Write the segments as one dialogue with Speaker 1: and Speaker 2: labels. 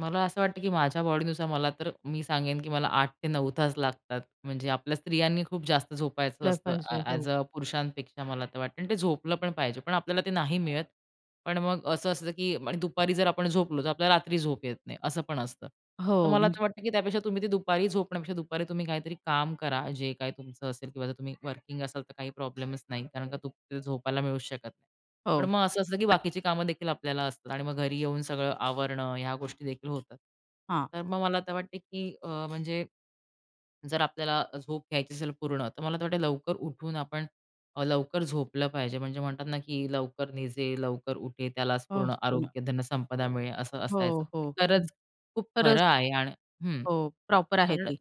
Speaker 1: मला असं वाटतं, की माझ्या बॉडीनुसार मला तर, मी सांगेन, की मला 8 ते 9 तास लागतात. म्हणजे आपल्या स्त्रियांनी खूप जास्त झोपायचं
Speaker 2: [unintelligible]
Speaker 1: असतं.
Speaker 2: पाहिजे.
Speaker 1: ॲज
Speaker 2: हो.
Speaker 1: अ, पुरुषांपेक्षा मला तर वाटतं आणि ते झोपलं पण पाहिजे पण आपल्याला ते नाही मिळत पण मग असं असतं, की आणि दुपारी जर आपण झोपलो तर आपल्याला रात्री झोप येत नाही असं पण असतं. तर
Speaker 2: हो,
Speaker 1: मला
Speaker 2: [unintelligible]
Speaker 1: तर वाटतं, की त्यापेक्षा तुम्ही ते दुपारी झोपण्यापेक्षा दुपारी तुम्ही काहीतरी काम करा जे काही तुमचं असेल किंवा जर तुम्ही वर्किंग असाल तर काही प्रॉब्लेमच नाही कारण का ते झोपायला मिळूच शकत नाही. पण
Speaker 2: हो.
Speaker 1: मग असं असतं, की बाकीची कामं देखील आपल्याला असतात आणि मग घरी येऊन सगळं आवरणं ह्या गोष्टी देखील होतात.
Speaker 2: हां.
Speaker 1: तर मग मला तर वाटत, की अ, म्हणजे, जर आपल्याला झोप घ्यायची असेल पूर्ण तर मला असं वाटतं लवकर उठून आपण अ, लवकर झोपलं पाहिजे. म्हणजे म्हणतात ना, की 'लवकर निजे लवकर उठे त्यालाच
Speaker 2: हो
Speaker 1: पूर्ण
Speaker 2: असतो ना.
Speaker 1: आरोग्य धनसंपदा मिळे' असं
Speaker 2: हो,
Speaker 1: असायचं.
Speaker 2: हो. हं,
Speaker 1: खरंच खूप
Speaker 2: खरंच.
Speaker 1: खरं आहे आणि हं.
Speaker 2: हो प्रॉपर आहे
Speaker 1: कारण
Speaker 2: ती.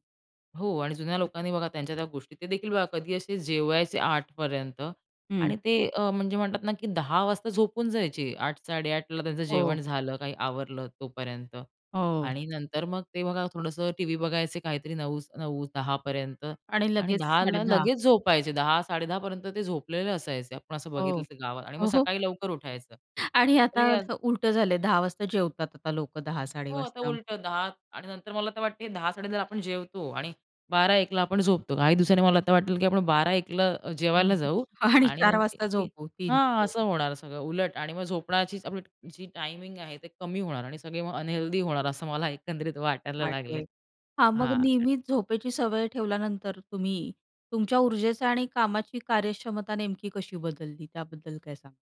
Speaker 1: हो आणि जुन्या लोकांनी बघा त्यांच्या त्या गोष्टी ते देखील बघा कधी असे जेवायचे 8 पर्यंत
Speaker 2: हं.
Speaker 1: आणि ते अ, म्हणजे म्हणतात ना, की 10 वाजता झोपून जायचे. 8, 8:30 त्यांचं
Speaker 2: हो.
Speaker 1: जेवण झालं काही आवरलं तोपर्यंत
Speaker 2: हो.
Speaker 1: आणि नंतर मग ते बघा थोडंसं टीव्ही बघायचे काहीतरी 9 9 10 पर्यंत
Speaker 2: आणि
Speaker 1: आणि
Speaker 2: लगेच साडे
Speaker 1: 10ला
Speaker 2: दहा.
Speaker 1: लगेच झोपायचे. 10, 10:30 ते झोपलेले असायचे. आपण असं बघितलं
Speaker 2: हो.
Speaker 1: गावात आणि मग
Speaker 2: ओ हो.
Speaker 1: सकाळी लवकर उठायचं
Speaker 2: आणि आता
Speaker 1: हे असं
Speaker 2: उलटं झालंय. 10 वाजता जेवतात आता लोकं 10, साडे
Speaker 1: हो
Speaker 2: दहा
Speaker 1: आता
Speaker 2: वाजता.
Speaker 1: उलटं 10 आणि नंतर मला तर वाटते 10, 10:30 आपण जेवतो आणि 12, 1ला आपण झोपतो. काही दिवसांनी मला तर वाटलं, की आपण 12, 1ला जेवायला जाऊ
Speaker 2: आणि
Speaker 1: आणि
Speaker 2: 4
Speaker 1: नंतर
Speaker 2: वाजता
Speaker 1: ती
Speaker 2: झोपू 3
Speaker 1: हां, असं होणार सगळं उलट आणि मग झोपण्याची आपली जी टाईमिंग आहे ते कमी होणार आणि सगळे मग अनहेल्दी होणार, असं मला एकंदरीत वाटायला लागले.
Speaker 2: [unintelligible] .हां मग
Speaker 1: हां.
Speaker 2: नेहमीच झोपेची सवय ठेवल्यानंतर तुम्ही, तुमच्या ऊर्जेचा आणि कामाची कार्यक्षमता नेमकी कशी बदलली? त्याबद्दल काय सांगाल?